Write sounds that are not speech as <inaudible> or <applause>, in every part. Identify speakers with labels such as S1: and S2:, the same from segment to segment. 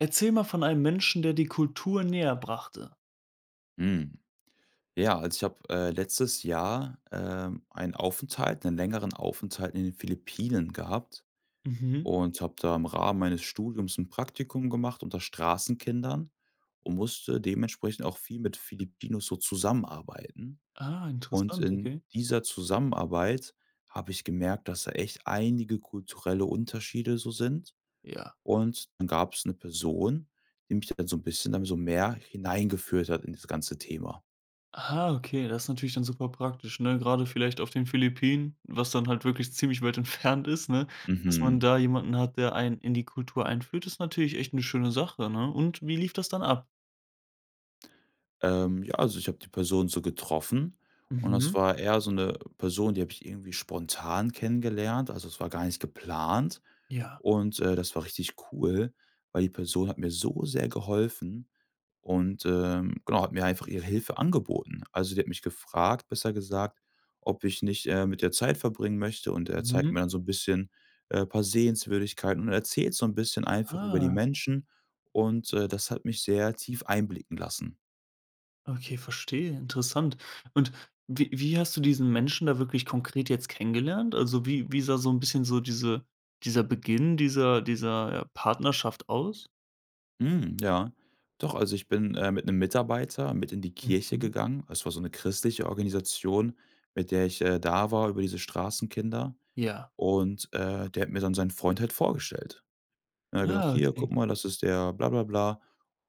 S1: Erzähl mal von einem Menschen, der dir Kultur näher brachte.
S2: Hm, ja, also, ich habe, äh, letztes Jahr, ähm, einen Aufenthalt 'nen längeren Aufenthalt in den Philippinen gehabt
S1: Mhm.
S2: und habe da im Rahmen meines Studiums 'n Praktikum gemacht unter Straßenkindern und musste dementsprechend auch viel mit Filipinos so zusammenarbeiten.
S1: Ah,
S2: Und
S1: interessant,
S2: in
S1: okay.
S2: dieser Zusammenarbeit habe ich gemerkt, dass da echt einige kulturelle Unterschiede so sind.
S1: Ja.
S2: Und dann gab's 'ne Person, die mich da halt so 'n bisschen dann so mehr hineingeführt hat in dieses ganze Thema.
S1: Ah, okay, das ist natürlich dann super praktisch, ne, grade vielleicht auf den Philippinen, was dann halt wirklich ziemlich weit entfernt ist, ne? Dass man
S2: Mhm.
S1: da jemanden hat, der einen in die Kultur einführt, ist natürlich echt 'ne schöne Sache, ne? Und wie lief das dann ab?
S2: Ähm, ja, also, ich habe die Person so getroffen, und das
S1: Mhm.
S2: war eher so 'ne Person, die habe ich irgendwie spontan kennengelernt. Also, es war gar nicht geplant.
S1: Ja.
S2: Und, äh, das war richtig cool, weil die Person hat mir so sehr geholfen und, ähm, genau, hat mir einfach ihre Hilfe angeboten. Also, sie hat mich gefragt, besser gesagt, ob ich nicht, äh, mit der Zeit verbringen möchte und er zeigt
S1: Mhm.
S2: mir dann so 'n bisschen, äh, paar Sehenswürdigkeiten und erzählt so 'n bisschen einfach über die
S1: Ah.
S2: Menschen, und, äh, das hat mich sehr tief einblicken lassen.
S1: Okay, verstehe, interessant. Und wie wie hast du diesen Menschen da wirklich konkret jetzt kennengelernt? Also, wie wie sah so 'n bisschen so diese dieser Beginn dieser dieser, äh, Partnerschaft aus?
S2: Mhm. Ja, doch, also, ich bin, äh, mit 'nem Mitarbeiter mit in die Kirche
S1: Mhm.
S2: gegangen. Es war so ’ne christliche Organisation, mit der ich, äh, da war über diese Straßenkinder
S1: Ja.
S2: und, äh, der hat mir dann sein Freund halt vorgestellt. Er hat gesagt:
S1: Ah,
S2: „Hier
S1: okay.
S2: guck mal, das ist der Bla bla bla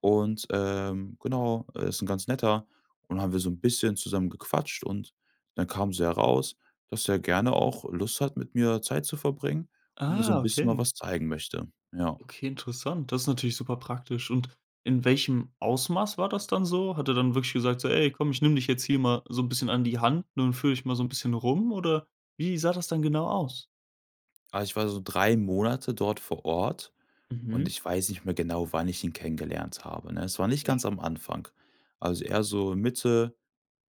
S2: und, ähm, genau, er ist 'n ganz Netter.“, und haben wir so 'n bisschen zusammen gequatscht und dann kam so heraus, dass er gerne auch Lust hat, mit mir Zeit zu verbringen und mir so
S1: Ah,
S2: 'n bisschen mal
S1: okay.
S2: was zeigen möchte, ja.
S1: Okay, interessant. Das ist natürlich super praktisch. Und in welchem Ausmaß war das dann so? Hat er dann wirklich gesagt, so: „Ey, komm, ich nehme dich jetzt hier mal so 'n bisschen an die Hand, ne, und führe ich mal so 'n bisschen rum.“, oder wie sah das dann genau aus?
S2: Ah, ich war so 3 Monate dort vor Ort und
S1: Mhm.
S2: ich weiß nicht mehr genau, wann ich ihn kennengelernt habe, ne? Es war nicht
S1: Ja.
S2: ganz am Anfang. Also, eher so Mitte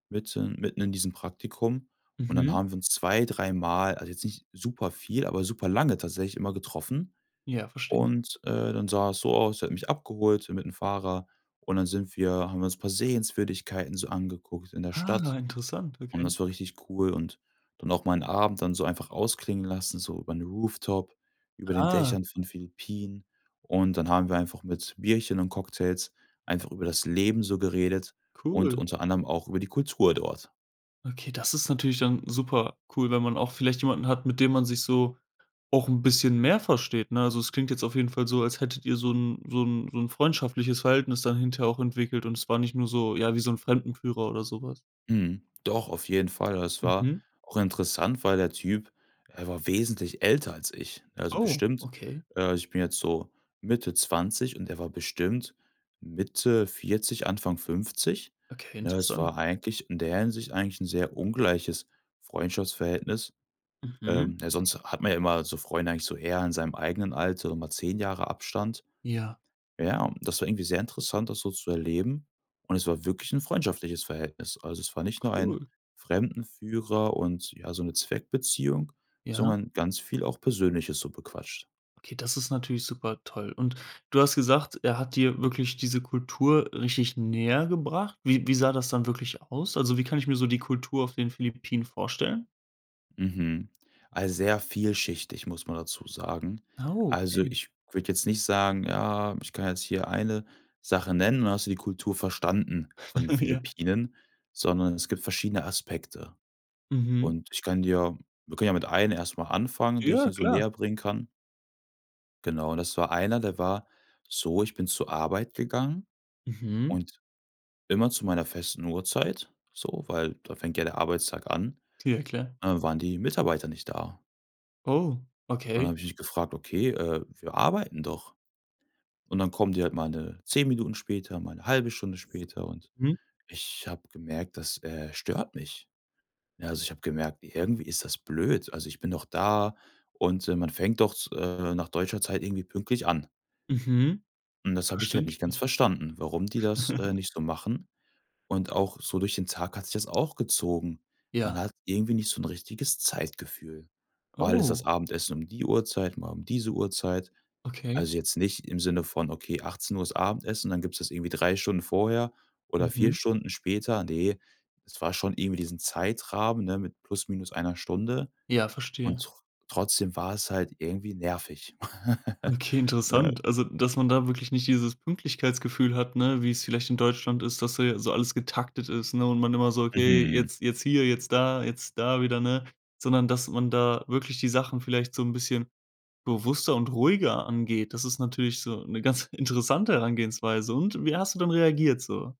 S2: mitten mitten in diesem Praktikum und dann
S1: Mhm.
S2: haben wir uns zwei, dreimal also, jetzt nicht superviel, aber superlange tatsächlich immer getroffen,
S1: Ja, verstehe.
S2: und, äh, dann sah es so aus, er hat mich abgeholt mit 'nem Fahrer und dann sind wir haben wir uns 'n paar Sehenswürdigkeiten so angeguckt in der
S1: Ah,
S2: Stadt
S1: interessant,
S2: und
S1: okay.
S2: das war richtig cool, und dann auch mal 'n Abend dann so einfach ausklingen lassen, so über 'n Rooftop, über den
S1: Ah.
S2: Dächern von Philippinen. Und dann haben wir einfach mit Bierchen und Cocktails einfach über das Leben so geredet und
S1: Cool.
S2: unter anderem auch über die Kultur dort.
S1: Okay, das ist natürlich dann super cool, wenn man auch vielleicht jemanden hat, mit dem man sich so auch 'n bisschen mehr versteht, ne? Also, es klingt jetzt auf jeden Fall so, als hättet ihr so 'n so 'n so 'n freundschaftliches Verhältnis dann hinterher auch entwickelt und es war nicht nur so ja, wie so 'n Fremdenführer oder so was.
S2: Mhm. Doch, auf jeden Fall. Es war
S1: Mhm
S2: auch interessant, weil der Typ er war wesentlich älter als ich, also,
S1: Oh,
S2: bestimmt,
S1: okay.
S2: äh ich bin jetzt so Mitte 20 und er war bestimmt Mitte 40, Anfang 50,
S1: Okay,
S2: ne? Es
S1: interessant.
S2: war eigentlich in der Hinsicht eigentlich 'n sehr ungleiches Freundschaftsverhältnis.
S1: Mhm.
S2: Ähm, ja, sonst hat man ja immer so Freunde eigentlich so eher in seinem eigenen Alter, so mal 10 Jahre Abstand.
S1: Ja.
S2: Ja, und das war irgendwie sehr interessant, das so zu erleben und es war wirklich 'n freundschaftliches Verhältnis. Also, es war nicht nur ein
S1: Cool.
S2: Fremdenführer und, ja, so ’ne Zweckbeziehung,
S1: Ja.
S2: sondern ganz viel auch Persönliches so bequatscht.
S1: Okay, das ist natürlich super toll. Und du hast gesagt, er hat dir wirklich diese Kultur richtig näher gebracht. Wie wie sah das dann wirklich aus? Also, wie kann ich mir so die Kultur auf den Philippinen vorstellen?
S2: Mhm, also, sehr vielschichtig, muss man dazu sagen.
S1: Oh,
S2: Also,
S1: okay.
S2: ich würde jetzt nicht sagen: „Ja, ich kann jetzt hier eine Sache nennen und dann hast du die Kultur verstanden von den
S1: <laughs> Ja.
S2: Philippinen.“, sondern es gibt verschiedene Aspekte.
S1: Mhm.
S2: Und ich kann dir wir können ja mit einem erst mal anfangen, den ich
S1: Ja,
S2: dir so
S1: klar.
S2: näher bringen kann. Genau, das war einer, der war so, ich bin zur Arbeit gegangen
S1: Mhm.
S2: und immer zu meiner festen Uhrzeit, so, weil da fängt ja der Arbeitstag an,
S1: Ja, klar.
S2: ne, waren die Mitarbeiter nicht da.
S1: Oh,
S2: Und dann
S1: okay.
S2: habe ich mich gefragt: „Okay, äh, wir arbeiten doch.“ Und dann kommen die halt mal, ne, 10 Minuten später, mal 'ne 1/2 Stunde später, und
S1: Mhm.
S2: ich habe gemerkt, das, äh, stört mich. Ja, also, ich habe gemerkt: „Irgendwie ist das blöd. Also, ich bin doch da und, ähm, man fängt doch z äh, nach deutscher Zeit irgendwie pünktlich an.“
S1: Mhm,
S2: Und das habe ich halt nicht ganz
S1: verständlich.
S2: verstanden, warum die das, äh,
S1: <chuckles>
S2: nicht so machen, und auch so durch den Tag hat sich das auch gezogen. Man
S1: Ja.
S2: hat irgendwie nicht so 'n richtiges Zeitgefühl. Mal ist das
S1: Oh.
S2: Abendessen um die Uhrzeit, mal um diese Uhrzeit.
S1: Okay.
S2: Also, jetzt nicht im Sinne von: „Okay, 18:00 ist Abendessen, und dann gibt's das irgendwie 3 Stunden vorher oder 4
S1: Mhm.
S2: Stunden später.“ Ne, es war schon irgendwie diesen Zeitrahmen, ne, mit plus minus einer Stunde
S1: Ja,
S2: und
S1: verstehe.
S2: tr trotzdem war es halt irgendwie nervig, <chuckles>
S1: Okay, interessant.
S2: ne?
S1: Also, dass man da wirklich nicht dieses Pünktlichkeitsgefühl hat, ne, wie es vielleicht in Deutschland ist, dass da ja so alles getaktet ist, ne, und man immer so: „Okay,
S2: Mhm.
S1: jetzt jetzt hier, jetzt da, jetzt da wieder“, ne? Sondern, dass man da wirklich die Sachen vielleicht so 'n bisschen bewusster und ruhiger angeht. Das ist natürlich so 'ne ganz interessante Herangehensweise. Und wie hast du dann reagiert so?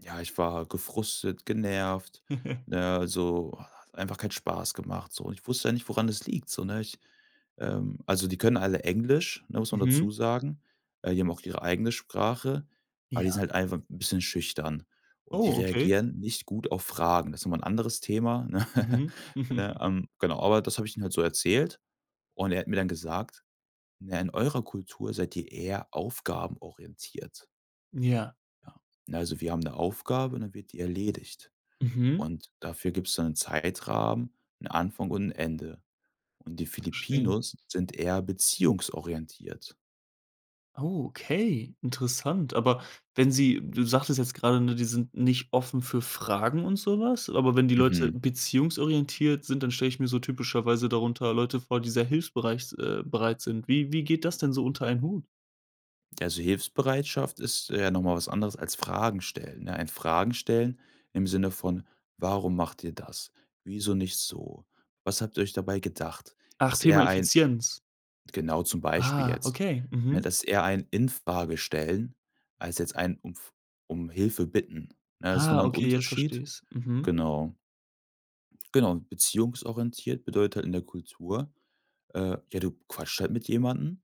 S2: Ja, ich war gefrustet, genervt,
S1: <chuckles>
S2: ne, also, hat einfach keinen Spaß gemacht, so. Und ich wusste ja nicht, woran es liegt, so, ne? Ich, ähm also, die können alle Englisch, ne, muss man
S1: Mhm.
S2: dazu sagen, äh, die haben auch ihre eigene Sprache, aber die sind
S1: Ja.
S2: halt einfach 'n bisschen schüchtern. Und die
S1: Oh, okay.
S2: reagieren nicht gut auf Fragen. Das ist nochmal 'n anderes Thema, ne? Ja,
S1: <chuckles>
S2: ähm, genau, aber das habe ich ihm halt so erzählt und er hat mir dann gesagt: „Na ja, in eurer Kultur seid ihr eher aufgabenorientiert.“
S1: Ja.
S2: Ja, ne, also, wir haben 'ne Aufgabe, dann wird die erledigt.
S1: Mhm.
S2: Und dafür gibt's dann 'nen Zeitrahmen, 'n Anfang und 'n Ende. Und die
S1: Verstehe.
S2: Filipinos sind eher beziehungsorientiert.
S1: Oh, okay, interessant. Aber wenn sie du sagtest jetzt gerade, ne, die sind nicht offen für Fragen und so was. Aber wenn die Leute
S2: Mhm.
S1: beziehungsorientiert sind, dann stelle ich mir so typischerweise darunter Leute vor, die sehr hilfsbereit s äh, bereit sind. Wie wie geht das denn so unter einen Hut?
S2: Ja, also, Hilfsbereitschaft ist eher noch mal was anderes als Fragen stellen, ja? Ein Fragenstellen im Sinne von: „Warum macht ihr das? Wieso nicht so? Was habt ihr euch dabei gedacht?“
S1: Ach,
S2: Ist
S1: Thema
S2: eher ein
S1: Effizienz.
S2: Genau zum Beispiel
S1: Ah,
S2: jetzt,
S1: okay,
S2: ne,
S1: mhm.
S2: das eher ein Infragestellen als jetzt ein umf um Hilfe Bitten, ne? Das ist noch mal 'n
S1: Okay, jetzt versteh
S2: Unterschied,
S1: ich's, mhm.
S2: genau. Genau, beziehungsorientiert bedeutet halt in der Kultur: Äh, ja, du quatscht halt mit jemandem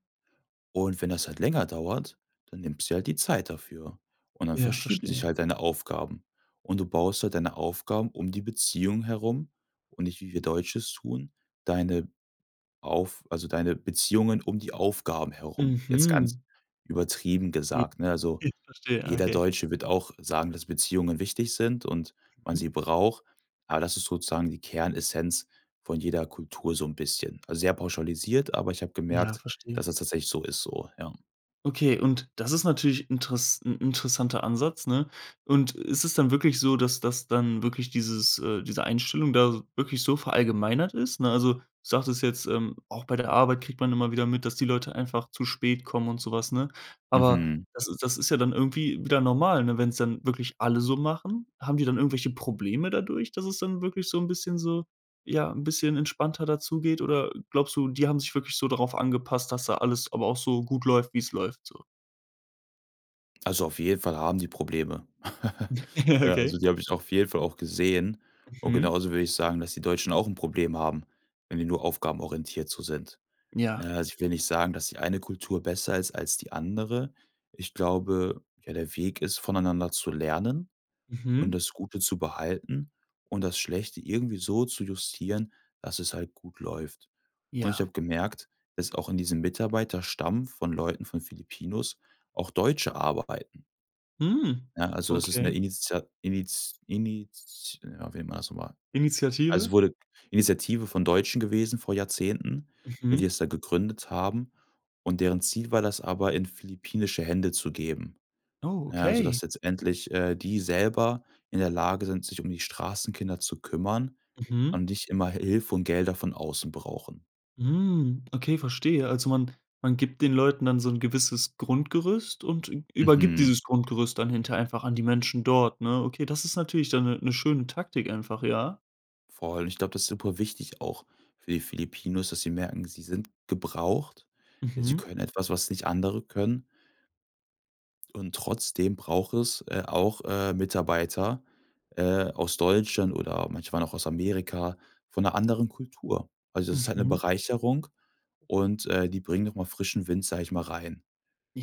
S2: und wenn das halt länger dauert, dann nimmst dir halt die Zeit dafür und dann
S1: Ja,
S2: verschieben sich
S1: verstehe.
S2: halt deine Aufgaben. Und du baust halt deine Aufgaben um die Beziehung herum und nicht, wie wir Deutsche es tun, deine auf also, deine Beziehungen um die Aufgaben herum, jetzt
S1: Mhm.
S2: ganz übertrieben
S1: <unintelligible>
S2: gesagt, ne? Also,
S1: <chuckles> Verstehe, ja
S2: jeder
S1: ok.
S2: Deutsche wird auch sagen, dass Beziehungen wichtig sind und man
S1: Mhm.
S2: sie braucht, aber das ist sozusagen die Kernessenz von jeder Kultur so 'n bisschen. Also, sehr pauschalisiert, aber ich habe
S1: Ja,
S2: gemerkt, dass
S1: verstehe.
S2: das tatsächlich so ist so, ja.
S1: Okay, und das ist natürlich interess 'n 'n interessanter Ansatz, ne? Und ist es dann wirklich so, dass das dann wirklich dieses, äh diese Einstellung da wirklich so verallgemeinert ist, ne? Also, du sagtest jetzt, ähm, auch bei der Arbeit kriegt man immer wieder mit, dass die Leute einfach zu spät kommen und so was, ne? Aber
S2: Mhm.
S1: das ist das ist ja dann irgendwie wieder normal, ne, wenn es dann wirklich alle so machen? Haben die dann irgendwelche Probleme dadurch, dass es dann wirklich so 'n bisschen so, ja 'n bisschen entspannter da zugeht oder, glaubst du, die haben sich wirklich so darauf angepasst, dass da alles aber auch so gut läuft, wie es läuft so?
S2: Also, auf jeden Fall haben sie Probleme. <laughs>
S1: <laughs>
S2: Äh,
S1: Okay.
S2: also, die habe ich auf jeden Fall auch gesehen und
S1: Mhm.
S2: genauso würde ich sagen, dass die Deutschen auch 'n Problem haben, wenn die nur aufgabenorientiert so sind.
S1: Ja.
S2: Ne, also, ich will nicht sagen, dass die eine Kultur besser ist als die andere. Ich glaube, ja, der Weg ist, voneinander zu lernen und
S1: Mhm.
S2: das Gute zu behalten und das Schlechte irgendwie so zu justieren, dass es halt gut läuft. Und ich
S1: Ja.
S2: habe gemerkt, dass auch in diesem Mitarbeiterstamm von Leuten von Philippinos auch Deutsche arbeiten.
S1: Mhm,
S2: Ja, also, das ist 'ne
S1: okay.
S2: Initia Init Init ah, wie nennt man das noch mal. Also, es
S1: Initiative?
S2: wurde Initiative von Deutschen gewesen vor Jahrzehnten, ne, die
S1: Mhm.
S2: es da gegründet haben und deren Ziel war, das aber in philippinische Hände zu geben. Na ja, also, dass
S1: Okay.
S2: jetzt endlich, äh, die selber in der Lage sind, sich um die Straßenkinder zu kümmern,
S1: Mhm.
S2: und nicht immer Hi Hilfe und Gelder von außen brauchen.
S1: Mhm, okay, verstehe. Also, man man gibt den Leuten dann so 'n gewisses Grundgerüst und ü übergibt
S2: Mhm.
S1: dieses Grundgerüst dann hinterher einfach an die Menschen dort, ne? Okay, das ist natürlich dann 'ne 'ne schöne Taktik einfach, ja?
S2: Vor allem, ich glaube, das ist super wichtig auch für die Filipinos, dass sie merken: Sie sind gebraucht. Sie
S1: Mhm.
S2: können etwas, was nicht andere können. Und trotzdem braucht es, äh, auch, äh, Mitarbeiter, äh, aus Deutschland oder manche waren auch aus Amerika, von 'ner anderen Kultur. Also, das ist 'ne
S1: Mhm.
S2: Bereicherung und, äh, die bringen noch mal frischen Wind, sage ich mal, rein.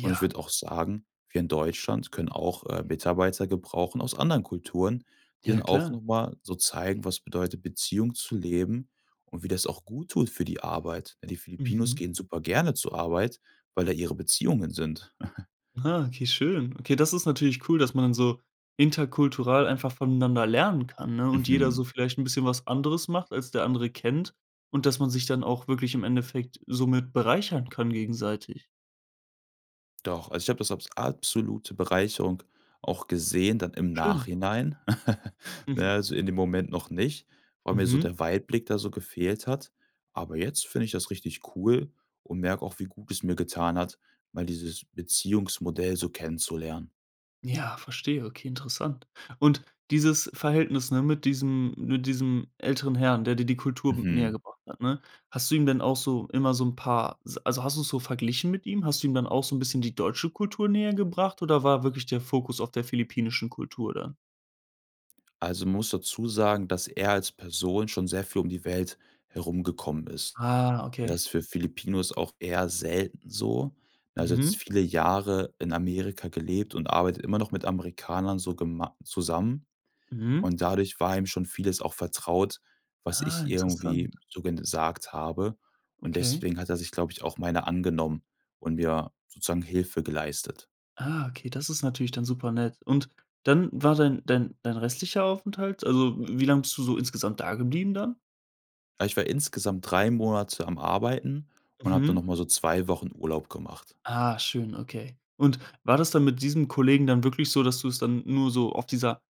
S2: Und ich würde auch sagen, wir in Deutschland können auch, äh, Mitarbeiter gebrauchen aus anderen Kulturen, die
S1: Ja,
S2: dann auch
S1: klar.
S2: noch mal so zeigen, was bedeutet, Beziehung zu leben und wie das auch guttut für die Arbeit. Ne, die Filipinos
S1: Mhm.
S2: gehen super gerne zur Arbeit, weil da ihre Beziehungen sind. <chuckles>
S1: Ah okay, schön. Okay, das ist natürlich cool, dass man dann so interkultural einfach von einander lernen kann, ne und jeder
S2: Mhm.
S1: so vielleicht 'n bisschen was anderes macht, als der andere kennt und dass man sich dann auch wirklich im Endeffekt somit bereichern kann gegenseitig.
S2: Doch, also, ich habe das als absolute Bereicherung auch gesehen dann im
S1: Schön.
S2: Nachhinein. <chuckles> Na ja,
S1: Mhm.
S2: also, in dem Moment noch nicht, weil mir so
S1: Mhm.
S2: der Weitblick da so gefehlt hat. Aber jetzt finde ich das richtig cool und merke auch, wie gut es mir getan hat, mal dieses Beziehungsmodell so kennenzulernen.
S1: Ja, verstehe. Okay, interessant. Und dieses Verhältnis, ne, mit diesem mit diesem älteren Herrn, der dir die Kultur näher
S2: Mhm.
S1: gebracht hat, ne? Hast du ihm denn auch so immer so 'n paar s also, hast du's so verglichen mit ihm? Hast du ihm dann auch so 'n bisschen die deutsche Kultur näher gebracht oder war wirklich der Fokus auf der philippinischen Kultur dann?
S2: Also, man muss dazu sagen, dass er als Person schon sehr viel um die Welt herumgekommen ist.
S1: Ah, okay.
S2: Das ist für Filipinos auch eher selten so. Er hat jetzt
S1: Mhm.
S2: viele Jahre in Amerika gelebt und arbeitet immer noch mit Amerikanern so gemei zusammen
S1: Mhm.
S2: und dadurch war ihm schon vieles auch vertraut, was
S1: Ah,
S2: ich irgendwie
S1: interessant.
S2: so gesagt habe und
S1: Okay.
S2: deswegen hat er sich, glaube ich, auch meiner angenommen und mir sozusagen Hilfe geleistet.
S1: Ah, okay, das ist natürlich dann super nett. Und dann war dein dein dein restlicher Aufenthalt also, wie lange bist du so insgesamt dageblieben dann?
S2: Ich war insgesamt 3 Monate am Arbeiten und habe dann noch
S1: Mhm.
S2: mal so 2 Wochen Urlaub gemacht.
S1: Ah, schön, okay. Und war das dann mit diesem Kollegen dann wirklich so, dass du es dann nur so auf dieser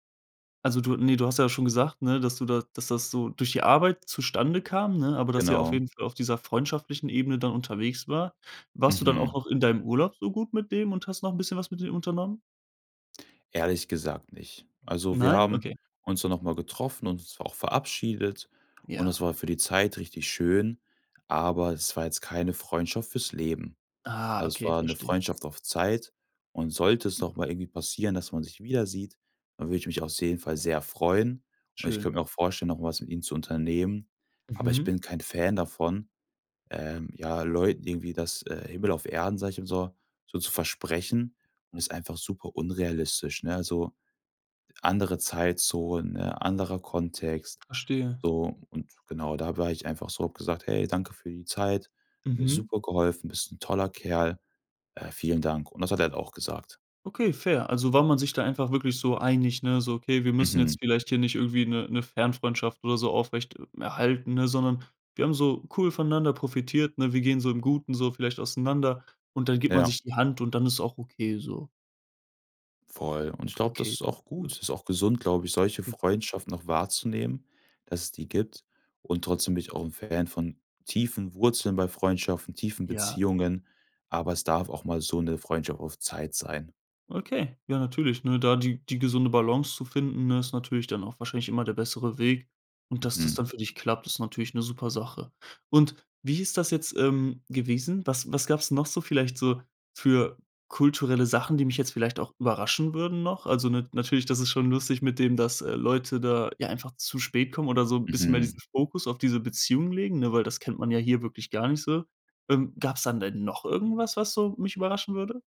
S1: also, du ne, du hast ja schon gesagt, ne, dass du da dass, das so durch die Arbeit zustande kam, ne, aber dass sie auf
S2: Genau.
S1: jeden Fall auf dieser freundschaftlichen Ebene dann unterwegs war. Warst du dann auch
S2: Mhm.
S1: auch in deinem Urlaub so gut mit dem und hast noch 'n bisschen was mit dem unternommen?
S2: Ehrlich gesagt nicht. Also, wir
S1: Nein?
S2: haben
S1: Okay.
S2: uns dann noch mal getroffen und uns auch verabschiedet und
S1: Ja.
S2: es war für die Zeit richtig schön, aber es war jetzt keine Freundschaft für's Leben.
S1: Ah,
S2: Also, es
S1: okay,
S2: war 'ne
S1: verstehe.
S2: Freundschaft auf Zeit und sollte es noch mal irgendwie passieren, dass man sich wiedersieht, dann würde ich mich auf jeden Fall sehr freuen und ich
S1: Schön.
S2: könnte mir auch vorstellen, noch mal was mit ihm zu unternehmen, aber ich
S1: Mhm.
S2: bin kein Fan davon, ähm, ja, Leuten irgendwie das äh, Himmel auf Erden, sage ich immer so, so zu versprechen und ist einfach super unrealistisch, ne? Also, andere Zeitzonen, ne, anderer Kontext,
S1: Verstehe.
S2: so und genau, da war ich einfach so und habe gesagt: „Hey, danke für die Zeit, hat mir
S1: Mhm.
S2: super geholfen, bist 'n toller Kerl, äh, vielen Dank“, und das hat er halt auch gesagt.
S1: Okay, fair. Also, war man sich da einfach wirklich so einig, ne, so: „Okay, wir müssen jetzt
S2: Mhm.
S1: vielleicht hier nicht irgendwie 'ne 'ne Fernfreundschaft oder so aufrecht erhalten, ne, sondern wir haben so cool voneinander profitiert, ne? Wir gehen so im Guten so vielleicht auseinander." und dann gibt man
S2: Ja.
S1: sich die Hand und dann ist auch okay so.
S2: Voll. Und ich glaube, das
S1: Okay.
S2: ist auch gut. Das ist auch gesund, glaube ich, solche
S1: Ja.
S2: Freundschaften noch wahrzunehmen, dass es die gibt und trotzdem bin ich auch 'n Fan von tiefen Wurzeln bei Freundschaften, tiefen
S1: Ja.
S2: Beziehungen, aber es darf auch mal so 'ne Freundschaft auf Zeit sein.
S1: Okay, ja, natürlich, ne? Da die die gesunde Balance zu finden, ne, ist natürlich dann auch wahrscheinlich immer der bessere Weg. Und dass das
S2: Mhm.
S1: dann für dich klappt, ist natürlich 'ne super Sache. Und wie ist das jetzt, ähm, gewesen? Was was gab's noch so vielleicht so für kulturelle Sachen, die mich jetzt vielleicht auch überraschen würden noch? Also, n natürlich, das ist schon lustig mit dem, dass, äh, Leute da ja einfach zu spät kommen oder so 'n bisschen mehr
S2: Mhm.
S1: diesen Fokus auf diese Beziehung legen, ne, weil das kennt man ja hier wirklich gar nicht so. Ähm, gab's dann denn noch irgendwas, was so mich überraschen würde?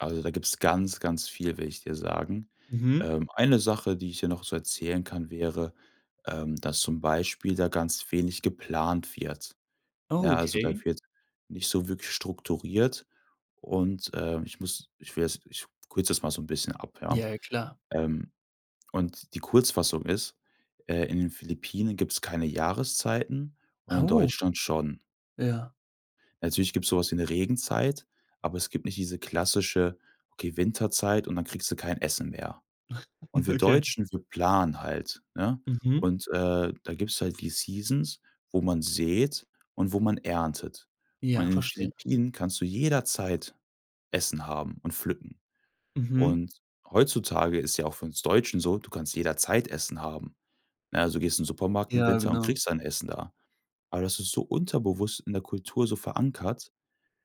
S2: Also, da gibt's ganz, ganz viel, will ich dir sagen.
S1: Mhm.
S2: Ähm, eine Sache, die ich dir noch so erzählen kann, wäre, ähm, dass zum Beispiel da ganz wenig geplant wird.
S1: Oh,
S2: Ja, also, da
S1: okay.
S2: wird nicht so wirklich strukturiert und, äh, ich muss ich will das Ich kürze das mal so 'n bisschen ab, ja.
S1: Ja, ja, klar.
S2: Ähm, und die Kurzfassung ist, äh, in den Philippinen gibt's keine Jahreszeiten und
S1: Ah,
S2: in
S1: oh.
S2: Deutschland schon.
S1: Ja.
S2: Natürlich gibt's so was wie eine Regenzeit, aber es gibt nicht diese klassische, okay, Winterzeit und dann kriegst du kein Essen mehr. Und
S1: <chuckles>
S2: wir
S1: Okay.
S2: Deutschen, wir planen halt, ne?
S1: Mhm.
S2: Und, äh, da gibt's halt die Seasons, wo man säht und wo man erntet. Und in
S1: Ja,
S2: den
S1: verstehe.
S2: Philippinen kannst du jederzeit Essen haben und pflücken.
S1: Mhm.
S2: Und heutzutage ist ja auch für uns Deutschen so, du kannst jederzeit Essen haben, ne? Also, du gehst in den Supermarkt im
S1: Ja,
S2: Winter und
S1: genau.
S2: kriegst ein Essen da. Aber das ist so unterbewusst in der Kultur so verankert,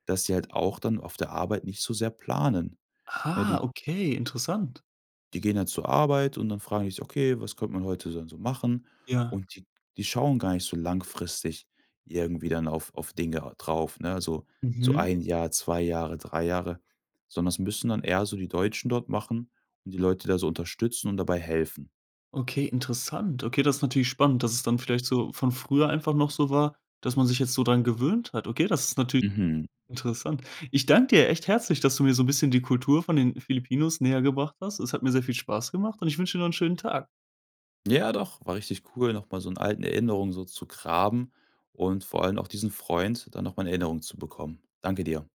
S2: dass sie halt auch dann auf der Arbeit nicht so sehr planen. Ne,
S1: Ah,
S2: die
S1: okay, interessant.
S2: die gehen dann zur Arbeit und dann fragen die sich: „Okay, was könnt man heute denn so machen?“
S1: Ja.
S2: Und die die schauen gar nicht so langfristig irgendwie dann auf auf Dinge drauf, ne, also, so
S1: Mhm.
S2: 1 Jahr, 2 Jahre, 3 Jahre, sondern es müssen dann eher so die Deutschen dort machen und die Leute da so unterstützen und dabei helfen.
S1: Okay, interessant. Okay, das ist natürlich spannend, dass es dann vielleicht so von früher einfach noch so war, dass man sich jetzt so dran gewöhnt hat. Okay, das ist natürlich
S2: Mhm.
S1: interessant. Ich dank dir echt herzlich, dass du mir so 'n bisschen die Kultur von den Filipinos näher gebracht hast. Es hat mir sehr Spaß gemacht und ich wünsche dir noch 'n schönen Tag.
S2: Ja, doch, war richtig cool, noch mal so in alten Erinnerung so zu graben und vor allem auch diesen Freund dann noch mal in Erinnerung zu bekommen. Danke dir.